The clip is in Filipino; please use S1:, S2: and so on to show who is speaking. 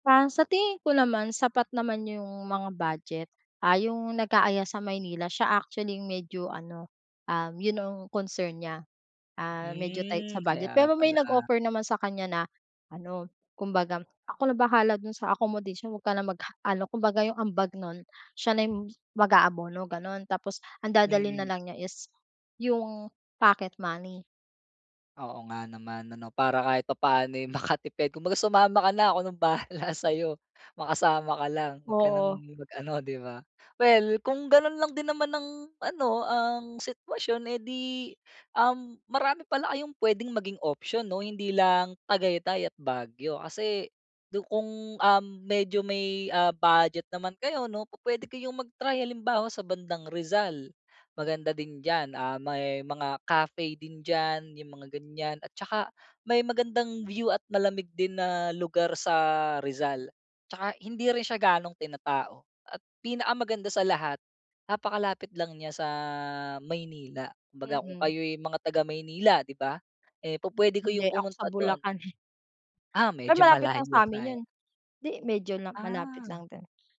S1: Ah, sa tingin ko naman sapat naman 'yong mga budget. Ah, 'yung nag-aaya sa Maynila siya actually 'yung medyo ano, um, 'yun ang concern niya, ah, medyo tight sa
S2: Hmm,
S1: budget.
S2: kaya
S1: Pero may
S2: pala.
S1: nag-offer naman sa kanya na ano kumbaga, "Ako na bahala do'n sa accommodation huwag ka na mag ano," kumbaga 'yung ambag nun siya na mag-aabono gano'n. Tapos ang dadalhin na
S2: Mm.
S1: lang niya is, 'yung, pocket money.
S2: Oo nga naman ano, para kahit papaano eh makatipid, kumbaga sumama ka na ako ng bahala sa'yo, makasama ka lang huwag ka
S1: Oo.
S2: ng mag ano 'di ba. Well, kung ganun lang din naman ang ano ang sitwasyon eh di, um, marami pala kayong puwedeng maging option 'no hindi lang Tagaytay at Baguio kasi, kung, um, medyo may, ah, budget naman kayo 'no pupuwede mag try halimbawa sa bandang Rizal. Maganda din diyan, ah, may mga cafe din diyan 'yung mga ganiyan at tsaka, may magandang view at malamig din na lugar sa Rizal. 'Tsaka hindi rin siya gano'ng tinatao, at pinakamaganda sa lahat, napakalapit lang niya sa, Maynila. Kumbaga kung
S1: Mm.
S2: kayo'y mga taga Maynila 'di ba, eh pupuwede kayong
S1: Hindi ako sa
S2: pumunta dun.
S1: Bulacan eh.
S2: Ah,
S1: Pero
S2: medyo
S1: malapit lang
S2: malayo
S1: sa'min
S2: nga 'yan.
S1: 'yun. 'Di medyo na malapit
S2: Ah.
S1: lang din.